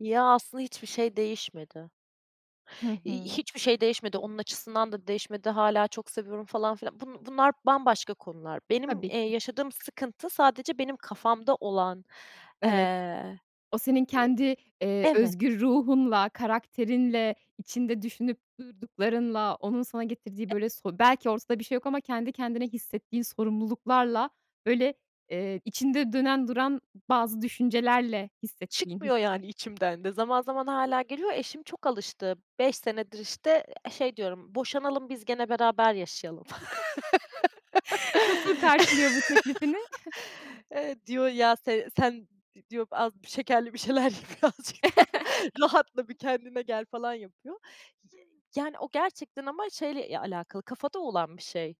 Ya, aslında hiçbir şey değişmedi. Hı İii, hı. hiçbir şey değişmedi, onun açısından da değişmedi. Hâlâ çok seviyorum falan filan. Bu bunlar bambaşka konular. Benim, Tabii eee, ki. yaşadığım sıkıntı sadece benim kafamda olan, Evet. eee O senin Eee, kendi, eee, evet. özgür ruhunla, karakterinle, içinde düşünüp durduklarınla, onun sana getirdiği, E böyle, so belki ortada bir şey yok ama kendi kendine hissettiğin sorumluluklarla, böyle, eee, içinde dönen duran bazı düşüncelerle hissettiğin Çıkmıyor, hisler. yani, içimden de. Zaman zaman hâlâ geliyor. Eşim çok alıştı. 5 senedir, işte, e şey diyorum, "Boşanalım, biz gene beraber yaşayalım." Nasıl karşılıyor bu teklifini? Eee, diyor, "Ya, se sen" diyor, "az şekerli bir şeyler ye. Birazcık daha, rahatla. Bir kendine gel." falan yapıyor. Ye yani o gerçekten ama şeyle, eee, alakalı, kafada olan bir şey.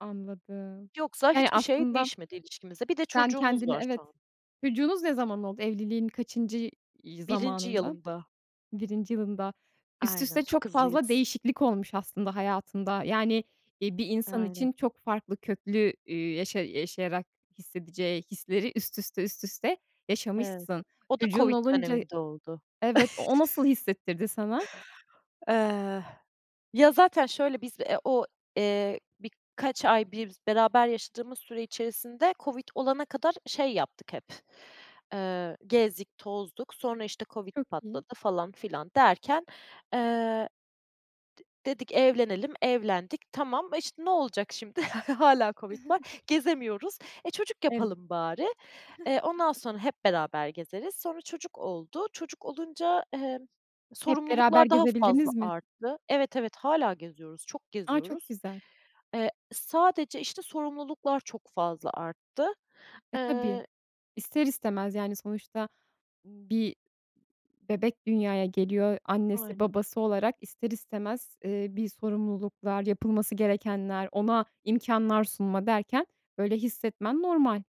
Anladım. Yoksa Yani, hiçbir şey aslında değişmedi ilişkimizde. Bir de Sen çocuğumuz kendini var şu Evet, an. çocuğunuz ne zaman oldu? Evliliğin kaçıncı y 1. zamanında? yılımda. 1. yılında. Üst Aynen, üste çok çok fazla hızlıyız. değişiklik olmuş aslında hayatında. Yani, iii, bir insan Aynen. için çok farklı, köklü, üüü, yaşa yaşayarak hissedeceği hisleri üst üste, üst üste Evet. yaşamışsın. O da Çocuğun COVID olunca döneminde oldu. Evet, o nasıl hissettirdi sana? Eh, ya, zaten şöyle, biz, eee, o, eee, birkaç ay biz beraber yaşadığımız süre içerisinde COVID olana kadar şey yaptık hep, eee, gezdik, tozduk. Sonra, işte, COVID Çok iyi. patladı, falan filan derken, eee D dedik, "Evlenelim" evlendik. Tamam, işte, ne olacak şimdi? Hâlâ COVID var, gezemiyoruz. "E, çocuk Evet. yapalım bari. Eee, ondan sonra hep beraber gezeriz." Sonra çocuk oldu. Çocuk olunca, emm, Hep beraber sorumluluklar daha fazla gezebildiniz mi? arttı Evet, evet, hâlâ geziyoruz, çok A! Çok geziyoruz. güzel. Eee, sadece, işte, sorumluluklar çok fazla arttı. E, tabii, Eee ister istemez. Yani sonuçta bir bebek dünyaya geliyor. Annesi Aynen. babası olarak ister istemez, eee, bir sorumluluklar, yapılması gerekenler, ona imkânlar sunma derken böyle hissetmen normal.